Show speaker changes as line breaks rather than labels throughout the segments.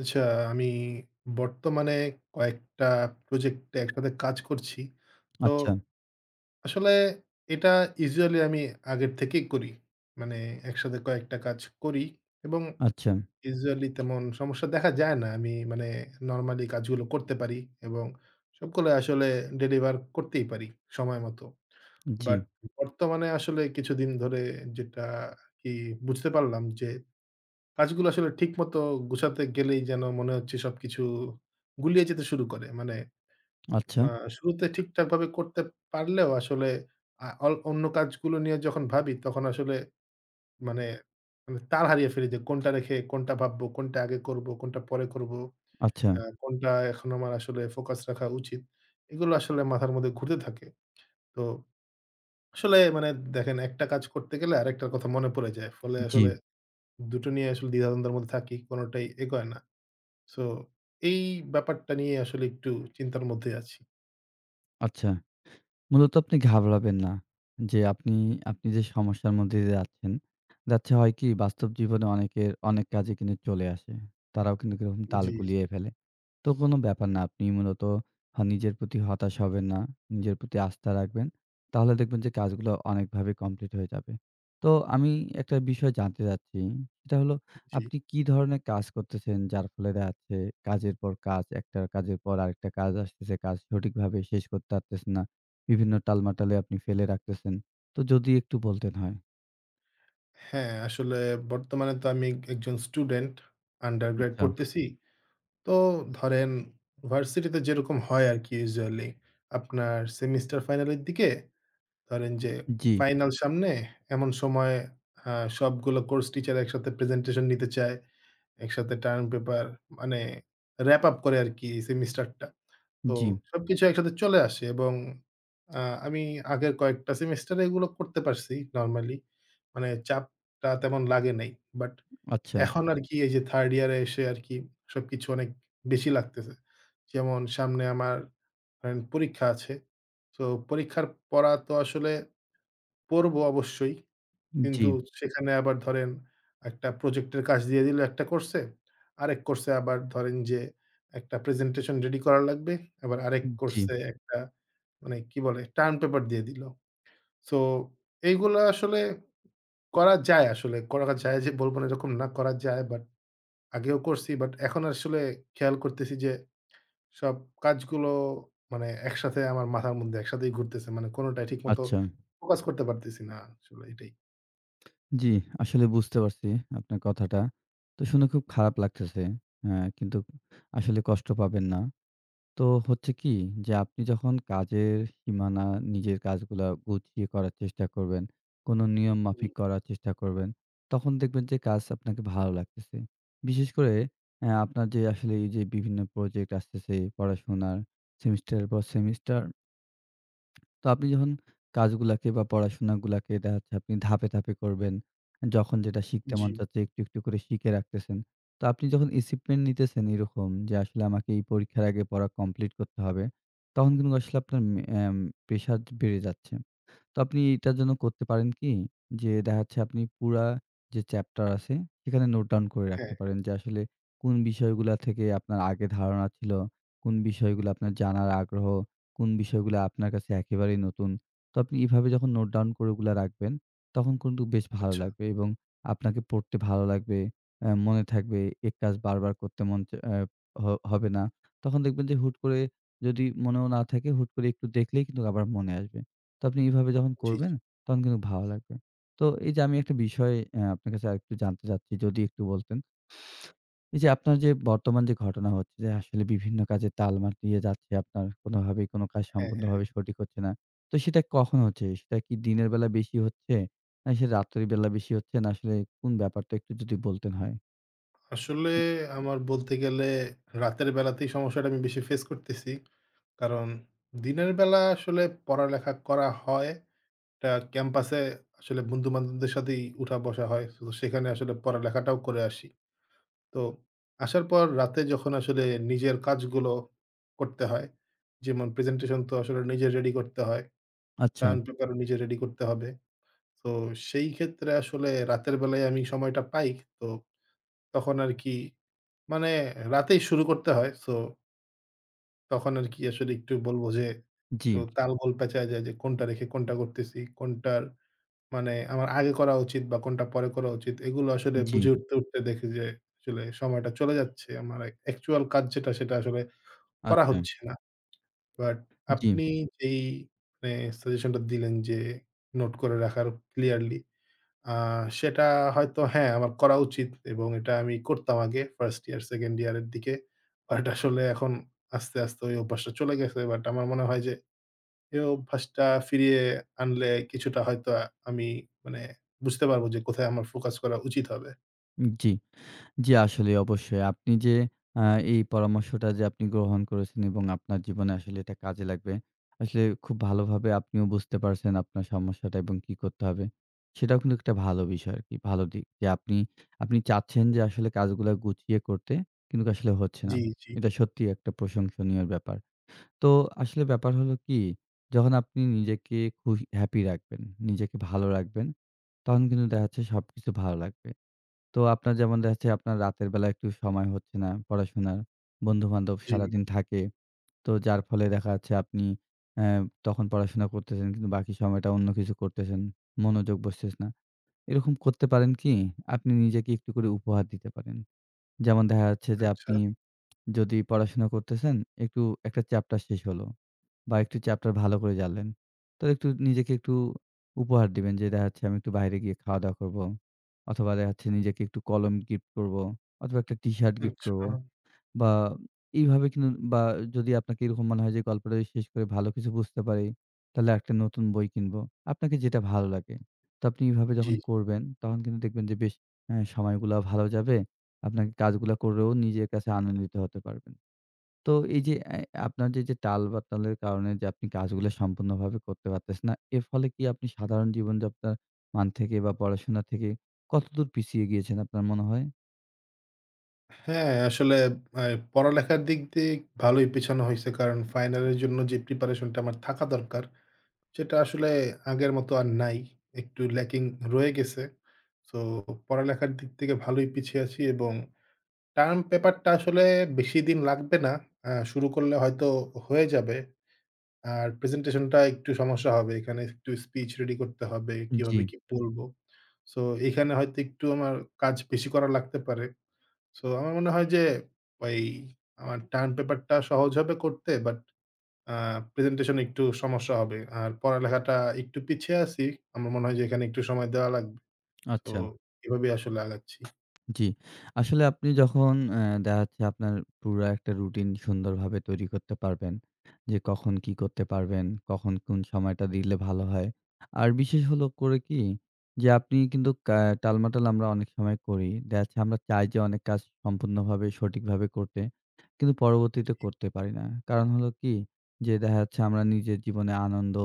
আচ্ছা, আমি বর্তমানে কয়েকটা প্রজেক্টে একসাথে কাজ করছি। তো
আচ্ছা।
আসলে এটা ইউজুয়ালি আমি আগের থেকেই করি। মানে একসাথে কয়েকটা কাজ করি এবং
আচ্ছা।
ইউজুয়ালি তেমন সমস্যা দেখা যায় না। আমি মানে নরমালি কাজগুলো করতে পারি এবং সবগুলো আসলে ডেলিভার করতেই পারি সময়মতো।
জি।
বাট বর্তমানে আসলে কিছুদিন ধরে যেটা আরকি বুঝতে পারলাম যে কাজগুলো আসলে ঠিকমতো গুছাতে গেলেই যেন মনে হচ্ছে সবকিছু গুলিয়ে যেতে শুরু করে। মানে আ
আচ্ছা।
শুরুতে ঠিকঠাকভাবে করতে পারলেও আসলে আ অন অন্য কাজগুলো নিয়ে যখন ভাবি তখন আসলে মানে মানে তাল হারিয়ে ফেলি যে কোনটা রেখে কোনটা ভাববো, কোনটা আগে করবো, কোনটা পরে করবো, আ
আচ্ছা।
কোনটা এখন আমার আসলে ফোকাস রাখা উচিত? এগুলা আসলে মাথার মধ্যে ঘুরতে থাকে। তো আসলে মানে দেখেন একটা কাজ করতে গেলে আরেকটা কথা মনে পড়ে যায়। ফলে আসলে
জি।
২ টো নিয়ে আসলে দ্বিধা-দ্বন্দ্ব এর মধ্যে থাকি, কোনোটাই এ এগোয় না। সো এই ব্যাপারটা নিয়ে আসলে একটু চিন্তার মধ্যেই আছি।
আচ্ছা, মূলত আপনি ঘাবড়াবেন না। যে আপনি, আপনি যে সমস্যার মধ্যে দিয়ে যাচ্ছেন, যাচ্ছে হয় কি, বাস্তব জীবনে অনেকের অনেক কাজই কিন্তু চলে আসে। তারাও কিন্তুক এরকম তাল
জ্বী,
গুলিয়ে
জ্বী।
ফেলে। তো কোনো ব্যাপার না, আপনি মূলত হা নিজের প্রতি হতাশ হবেন না, নিজের প্রতি আস্থা রাখবেন। তাহলে দেখবেন যে কাজগুলো অনেকভাবে কমপ্লিট হয়ে যাবে। তো আমি একটা বিষয় জানতে চাচ্ছি। সেটা হলো
জ্বী।
আপনি কি ধরনে কাজ করতেছেন? যার ফলে দে আছে কাজের পর কাজ, একটা কাজের পর আরেকটা কাজ আসতেছে। কাজ সঠিকভাবে শেষ করতে পারতেছে না। বিভিন্ন টালমাটালে আপনি ফেলে রাখতেছেন, তো যদি একটু বলতেন হয়।
হ্যাঁ, আসলে বর্তমানে তো আমি একজন স্টুডেন্ট আন্ডারগ্রেড
আচ্ছা।
পড়তেছি। তো ধরেন ভার্সিটিতে যেরকম হয় আরকি, ইউজুয়ালি। আপনার সেমিস্টার ফাইনালের দিকে, ধরেন যে
জ্বী।
ফাইনাল সামনে, এমন সময় আ সবগুলা কোর্স টিচার একসাথে প্রেজেন্টেশন নিতে চায়। একসাথে টার্ম পেপার মানে র‍্যাপ-আপ করে আরকি সেমিস্টারটা। তো
জ্বী।
সবকিছু একসাথে চলে আসে এবং আ আমি আগের কয়েকটা সেমেস্টার এগুলো করতে পারছি নরমালি, মানে চাপটা তেমন লাগে নাই। বাট
আচ্ছা।
এখন আরকি এই যে 3rd ইয়ার এ এসে আরকি সবকিছু অনেক বেশি লাগতেছে। যেমন সামনে আমার আ পরীক্ষা আছে। তো পরীক্ষার পড়া তো আসলে পড়ব অবশ্যই। কিন্তু
জ্বী।
সেখানে আবার ধরেন, একটা প্রজেক্ট এর কাজ দিয়ে দিলো একটা কোর্স এ। আরেক কোর্স এ আবার ধরেন যে একটা প্রেজেন্টেশন রেডি করা লাগবে। আবার আরেক কোর্স
জ্বী।
এ একটা মানে কি বলে টার্ম পেপার দিয়ে দিলো। সো এইগুলো আসলে করা যায় আসলে। করা যায় যে বলব না এরকম না, করা যায় বাট আগেও করছি, বাট এখন আসলে খেয়াল করতেছি। যে সব কাজগুলো মানে একসাথে আমার মাথার মধ্যে একসাথেই ঘুরতেছে। মানে কোনটাই ঠিক মত
আচ্ছা।
ফোকাস করতে পারতেছি না, আসলে এটাই।
জি, আসলে বুঝতে পারছি আপনার কথাটা। তো শুনে খুব খারাপ লাগতেছে। এ্যা কিন্তু আসলে কষ্ট পাবেন না। তো হচ্ছে কি? যে আপনি যখন কাজের সীমানা নিজের কাজগুলা গুছিয়ে করার চেষ্টা করবেন, কোন নিয়ম
জ্বী।
মাফিক করার চেষ্টা করবেন, তখন দেখবেন যে কাজ আপনাকে ভালো লাগতেছে। বিশেষ করে এ্যা আপনার যে আসলে এই যে বিভিন্ন প্রজেক্ট আসতেছে, পড়াশোনার, সেমিস্টারের পর সেমিস্টার তো আপনি যখন কাজগুলাকে বা পড়াশোনাগুলাকে দেখা যাচ্ছে আপনি ধাপে, ধাপে করবেন। যখন যেটা শিখতে মন
জ্বী।
চাচ্ছে একটু, একটু করে শিখে রাখতেছেন। তো আপনি যখন acheivement নিতেছেন এরকম যে আসলে আমাকে এই পরীক্ষার আগে পড়া কমপ্লিট করতে হবে, তখন কিন্তু আসলে আপনার ম এ্যাম প্রেশার বেড়ে যাচ্ছে। তো আপনি এটার জন্য করতে পারেন কি? যে দেখাচ্ছে আপনি পুরা যে চ্যাপ্টার আছে সেখানে নোট ডাউন করে
হ্যাঁ।
রাখতে পারেন যে আসলে কোন বিষয়গুলা থেকে আপনার আগে ধারণা ছিল, কোন বিষয়গুলো আপনার জানার আগ্রহ, কোন বিষয়গুলো আপনার কাছে একেবারেই নতুন। তো আপনি এভাবে যখন নোট ডাউন করে ওগুলা রাখবেন, তখন কিন্তু বেশ ভালো
আচ্ছা।
লাগবে এবং আপনাকে পড়তে ভালো লাগবে। এ্যা মনে থাকবে এই কাজ বারবার করতে মন চা এ্যা হ হবে না। তখন দেখবেন যে হুট করে যদি মনেও না থাকে হুট করে একটু দেখলেই কিন্তু আবার মনে আসবে। তো আপনি এভাবে যখন
জ্বি, জি।
করবেন তখন কিন্তু ভালো লাগবে। তো এই যে আমি একটা বিষয়ে এ্যা আপনার কাছে আরেকটু জানতে চাচ্ছি যদি একটু বলতেন। এই যে আপনার যে বর্তমান যে ঘটনা হচ্ছে যে আসলে বিভিন্ন কাজে তালমা দিয়ে যাচ্ছে আপনার কোনভাবেই কোন কাজ
হ্যাঁ, হ্যাঁ, হ্যাঁ।
সম্পূর্ণভাবে সঠিক হচ্ছে না। তো সেটা কখন হচ্ছে? সেটা কি দিনের বেলা বেশি হচ্ছে? না সেটা রাত্রের বেলা বেশি হচ্ছে? না আসলে কোন ব্যাপারটা? একটু যদি বলতেন হয়।
আসলে আমার বলতে গেলে রাতের বেলাতেই সমস্যাটা আমি বেশি ফেস করতেছি। কারণ দিনের বেলা আসলে পড়ালেখা করা হয়। টা ক্যাম্পাসে আসলে বন্ধু-বান্ধবদের সাথেই উঠা বসা হয়। সো সেখানে আসলে পড়ালেখাটাও করে আসি। তো আসার পর রাতে যখন আসলে নিজের কাজগুলো করতে হয়। যেমন প্রেজেন্টেশন তো আসলে নিজে রেডি করতে হয়।
আচ্ছা।
টার্ম পেপারও নিজে রেডি করতে হবে। সো সেই ক্ষেত্রে আসলে রাতের বেলায় আমি সময়টা পাই। তো তখন আরকি মানে রাতেই শুরু করতে হয়। সো তখন আরকি আসলে একটু বলবো যে একটু
জি।
তাল-গোল প্যাঁচায় যায়। যে কোনটা রেখে কোনটা করতেছি? কোনটার মানে আমার আগে করা উচিত বা কোনটা পরে করা উচিত? এগুলা আসলে
জি।
বুঝে উঠতে, উঠতে দেখি যে আসলে সময়টা চলে যাচ্ছে। আমার এক অ্যাকচুয়াল কাজ যেটা সেটা আসলে করা
আচ্ছা।
হচ্ছে না। বাট
জি।
আপনি যেই মানে সাজেশনটা দিলেন যে, নোট করে রাখার ক্লিয়ারলি। আ সেটা হয়তো হ্যাঁ আমার করা উচিত এবং এটা আমি করতাম আগে। 1st ইয়ার, 2nd ইয়ার এর দিকে। বাট আসলে এখন আস্তে, আস্তে ওই অভ্যাসটা চলে গেছে। বাট আমার মনে হয় যে এ অভ্যাসটা ফিরিয়ে আনলে কিছুটা হয়তো আ আমি মানে বুঝতে পারবো। যে কোথায় আমার ফোকাস করা উচিত হবে।
জি, জি আসলে অবশ্যই। আপনি যে আ এই পরামর্শটা যে আপনি গ্রহণ করেছেন এবং আপনার জীবনে আসলে এটা কাজে লাগবে। আসলে খুব ভালোভাবে আপনিও বুঝতে পারছেন আপনার সমস্যাটা এবং কী করতে হবে। সেটাও কিন্তু একটা ভালো বিষয় আরকি। ভালো দিক। যে আপনি আপনি চাচ্ছেন যে আসলে কাজগুলো গুছিয়ে করতে কিন্তু আসলে হচ্ছে না।
জি, জি।
এটা সত্যিই একটা প্রশংসনীয় ব্যাপার। তো আসলে ব্যাপার হল কি যখন আপনি নিজেকে খু হ্যাপি রাখবেন, নিজেকে ভালো রাখবেন তখন কিন্তু দেখাচ্ছে সবকিছু ভালো লাগবে। তো আপনার যেমন দেখাচ্ছে আপনার রাতের বেলা একটু সময় হচ্ছে না পড়াশোনার। বন্ধুবান্ধব
জি।
সারাদিন থাকে। তো যার ফলে দেখা যাচ্ছে অ্যা তখন পড়াশোনা করতেছেন কিন্তু বাকি সময়টা অন্য কিছু করতেছেন। মনোযোগ বসতেছে না। এরকম করতে পারেন কি? আপনি নিজেকে একটু করে উপহার দিতে পারেন। যেমন দেখা যাচ্ছে যে
আচ্ছা।
আপনি যদি পড়াশোনা করতেছেন একটু একটা চ্যাপ্টার শেষ হল। বা একটু চ্যাপ্টার ভালো করে জানলেন। তো একটু নিজেকে একটু উপহার দিবেন, যে দেখাচ্ছে আমি একটু বাইরে গিয়ে খাওয়া দাওয়া করব। অথবা দেখাচ্ছে নিজেকে একটু কলম গিফট করব। অথবা একটা টিশার্ট গিফট করব।
আচ্ছা।
বা এইভাবে কিন বা যদি আপনাকে এরকম মনে হয় যে গল্পটা শেষ করে ভালো কিছু বুঝতে পারি তাহলে একটা নতুন বই কিনব। আপনাকে যেটা ভালো লাগে। তো আপনি এভাবে
জি।
যখন করবেন তখন কিন্তু দেখবেন যে বেশ আ সময়গুলা ভালো যাবে। আপনাকে কাজগুলা করেও নিজের কাছে আনন্দিত হতে পারবেন। তো এই যে অ্যা আপনার যে যে টাল বাতালের কারণে যে আপনি কাজগুলো সম্পূর্ণভাবে করতে পারতেছেন না। এর ফলে কি আপনি সাধারণ জীবনযাত্রার মান থেকে বা পড়াশোনা থেকে কতদূর পিছিয়ে গিয়েছেন আপনার মনে হয়?
হ্যাঁ, আসলে অ্যা পড়ালেখার দিক দিয়ে ভালোই পিছানো হইছে। কারণ ফাইনাল এর জন্য যে প্রিপারেশনটা আমার থাকা দরকার, সেটা আসলে আগের মতো আর নাই। একটু ল্যাকিং রয়ে গেছে। সো, পড়ালেখার দিক থেকে ভালোই পিছিয়ে আছি এবং টার্ম পেপারটা আসলে বেশি দিন লাগবে না। আ শুরু করলে হয়তো হয়ে যাবে আর প্রেজেন্টেশনটা একটু সমস্যা হবে। এখানে একটু স্পিচ রেডি করতে হবে
উ
কিভাবে
জি।
কি বলবো? সো, এখানে হয়তো একটু আমার কাজ বেশি করা লাগতে পারে। সো, আমার মনে হয় যে, ওই আমার টার্ম পেপারটা সহজ হবে করতে। বাট আ প্রেজেন্টেশন একটু সমস্যা হবে। আর পড়ালেখাটা একটু পিছিয়ে আছি। আমার মনে হয় যে, এখানে একটু সময় দেওয়া লাগবে। সো,
আচ্ছা।
এভাবেই আসলে আগাচ্ছি।
জি। আসলে, আপনি যখন অ্যা দেখা যাচ্ছে, আপনার পুরা একটা রুটিন সুন্দরভাবে তৈরি করতে পারবেন যে কখন কি করতে পারবেন, কখন কোন সময়টা দিলে ভালো হয়? আর বিশেষ হলো করে কি? যে, আপনি কিন্তু কা টালমাটাল আমরা অনেক সময় করি। দেখা যাচ্ছে, আমরা চাই যে অনেক কাজ সম্পূর্ণভাবে সঠিকভাবে করতে। কিন্তু পরবর্তীতে
জি।
করতে পারি না। কারণ হলো কি? যে, দেখা যাচ্ছে, আমরা নিজের জীবনে আনন্দ,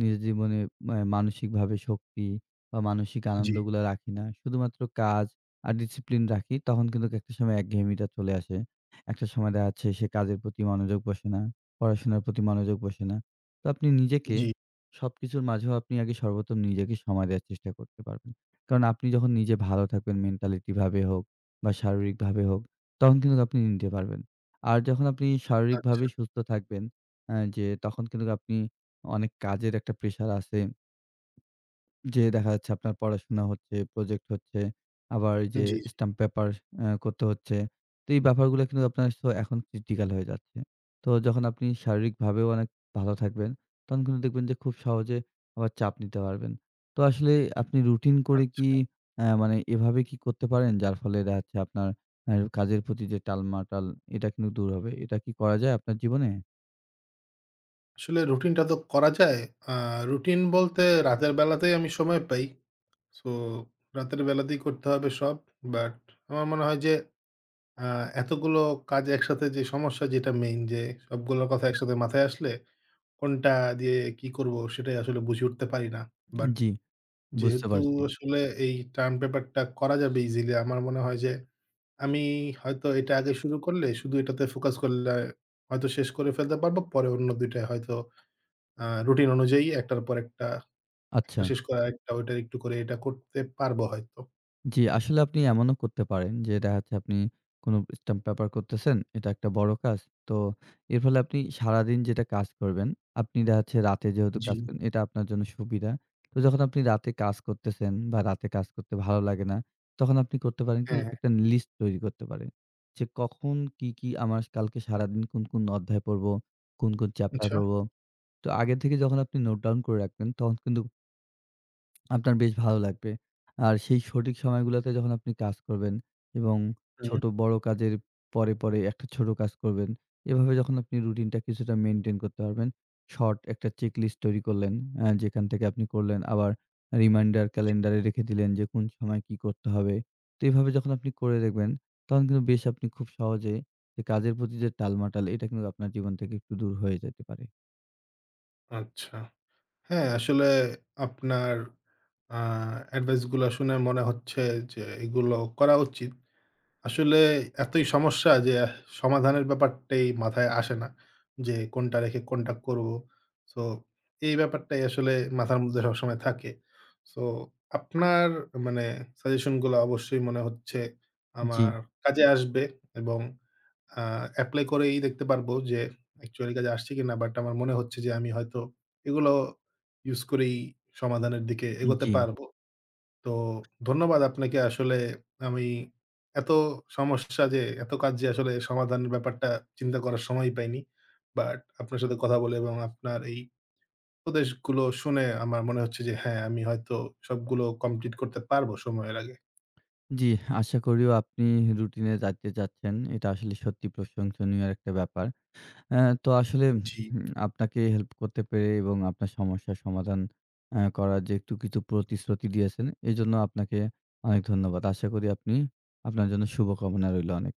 নিজের জীবনে অ্যা মানসিকভাবে শক্তি বা মানসিক
জি।
আনন্দগুলা রাখি না শুধুমাত্র কাজ আর ডিসিপ্লিন রাখি। তখন কিন্তু একটা সময় একঘেয়েমিটা চলে আসে। একটা সময় দেখা যাচ্ছে, সে কাজের প্রতি মনোযোগ বসে না, পড়াশোনার প্রতি মনোযোগ বসে না। তো, আপনি নিজেকে
জি।
সবকিছুর মাঝেও আপনি আগে সর্বপ্রথম নিজেকে সময় দেয়ার চেষ্টা করতে পারবেন। কারণ, আপনি যখন নিজে ভালো থাকবেন মেন্টালিটিভাবে হোক বা শারীরিকভাবে হোক তখন কিন্তু আপনি নিতে পারবেন। আর যখন আপনি শারীরিকভাবে
আচ্ছা।
সুস্থ থাকবেন অ্যা যে তখন কিন্তু আপনি অনেক কাজের একটা প্রেশার আছে যে দেখা যাচ্ছে, আপনার পড়াশোনা হচ্ছে, প্রজেক্ট হচ্ছে, আবার এই
উ
যে
জি, জি।
স্টাম্প পেপার অ্যা করতে হচ্ছে। তো এই ব্যাপারগুলো কিন্তু আপনার সো এখন ক্রিটিক্যাল হয়ে যাচ্ছে। তো যখন আপনি শারীরিকভাবেও অনেক ভালো থাকবেন, তখন কিন্তু দেখবেন যে খুব সহজে আবার চাপ নিতে পারবেন। তো আসলে আপনি রুটিন করে
আচ্ছা।
কি অ্যা মানে এভাবে কি করতে পারেন? যার ফলে দেখা যাচ্ছে অ্যা আপনার কাজের প্রতি যে টালমাটাল, এটা কিন্তু দূর হবে। এটা কি করা যায় আপনার জীবনে?
আসলে রুটিনটা তো করা যায়। আ রুটিন বলতে রাতের বেলাতেই আমি সময় পাই। সো রাতের বেলাতেই করতে হবে সব। But আমার মনে হয় যে আ এতগুলো কাজ একসাথে যে সমস্যা যেটা মেইন যে সবগুলোর কথা একসাথে মাথায় আসলে কোনটা দিয়ে কি করবো সেটাই আসলে বুঝে উঠতে পারি না। But
জি। বুঝতে
যেহেতু
পারছি।
আসলে এই টার্ম পেপার টা করা যাবে ইজিলি আমার মনে হয় যে আমি হয়তো এটা আগে শুরু করলে শুধু এটাতে ফোকাস করলে হয়তো শেষ করে ফেলতে পারবো। পরে অন্য ২ টা হয়তো আ রুটিন অনুযায়ী একটার পর একটা একটা
আচ্ছা।
শেষ করে আরেকটা ওইটা একটু করে এটা করতে পারবো হয়তো।
জি, আসলে আপনি এমনও করতে পারেন যে দেখাচ্ছে আপনি কোনো স্টাম্প পেপার করতেছেন। এটা একটা বড় কাজ। তো এর ফলে আপনি সারাদিন যেটা কাজ করবেন, আপনি দেখা যাচ্ছে রাতে যেহেতু কাজ
জি।
করেন এটা আপনার জন্য সুবিধা। তো যখন আপনি রাতে কাজ করতেছেন বা রাতে কাজ করতে ভালো লাগে না, তখন আপনি করতে পারেন কি?
হ্যাঁ।
একটা নি লিস্ট তৈরি করতে পারেন। যে কখন কি, কি আমার কালকে সারাদিন কোন, কোন অধ্যায় পড়বো, কোন, কোন চ্যাপ্টার
আচ্ছা।
পড়বো? তো আগের থেকে যখন আপনি নোট ডাউন করে রাখবেন তখন কিন্ত আপনার বেশ ভালো লাগবে। আর সেই সঠিক সময়গুলোতে যখন আপনি কাজ করবেন এবং
হুম।
ছোট-বড় কাজের পরে, পরে একটা ছোট কাজ করবেন। এভাবে যখন আপনি রুটিনটা কিছুটা মেইনটেইন করতে পারবেন। শর্ট একটা চেকলিস্ট তৈরি করলেন। এ যেখান থেকে আপনি করলেন আবার রিমাইন্ডার ক্যালেন্ডার এ রেখে দিলেন যে কোন সময় কি করতে হবে। তো এভাবে যখন আপনি করে দেখবেন তখন কিন্তু বেশ আপনি খুব সহজে এই কাজের প্রতি যে টালমাটাল এটা কিন্তু আপনার জীবন থেকে একটু দূর হয়ে যেতে পারে।
আচ্ছা। হ্যাঁ, আসলে আপনার আ অ্যাডভাইস গুলা শুনে মনে হচ্ছে যে এগুলোও করা উচিত। আসলে এতই সমস্যা যে সমাধানের ব্যাপারটাই মাথায় আসে না। যে কোনটা রেখে কোনটা করব। সো, এই ব্যাপারটাই আসলে মাথার মধ্যে সবসময় থাকে। সো আপনার মানে সাজেশন গুলা অবশ্যই মনে হচ্ছে আমার
জ্বি।
কাজে আসবে এবং আ এপ্লাই করেই দেখতে পারবো যে অ্যাকচুয়ালি কাজে আসছে কিনা। বাট আমার মনে হচ্ছে যে আমি হয়তো এগুলোও ইউস করেই সমাধানের দিকে
উম
এগোতে
জ্বি।
পারবো। তো ধন্যবাদ আপনাকে। আসলে আমি এত সমস্যা যে এত কাজ যে আসলে সমাধানের ব্যাপারটা চিন্তা করার সময়ই পাইনি। বাট আপনার সাথে কথা বলে এবং আপনার এই উপদেশগুলো শুনে আমার মনে হচ্ছে যে হ্যাঁ, আমি হয়তো সবগুলো কমপ্লিট করতে পারব সময়ের আগে।
জ্বী, আশা করিও আপনি রুটিন এ যাইতে যাচ্ছেন। এটা আসলে সত্যি প্রশংসনীয় একটা ব্যাপার। এ তো আসলে
জি।
আপনাকে উম হেল্প করতে পেরে এবং আপনার সমস্যার সমাধান অ্যাঁ করার যে একটু কিছু প্রতিশ্রুতি দিয়েছেন এজন্য আপনাকে অনেক ধন্যবাদ। আশা করি আপনি আপনার জন্য শুভকামনা রইলো অনেক।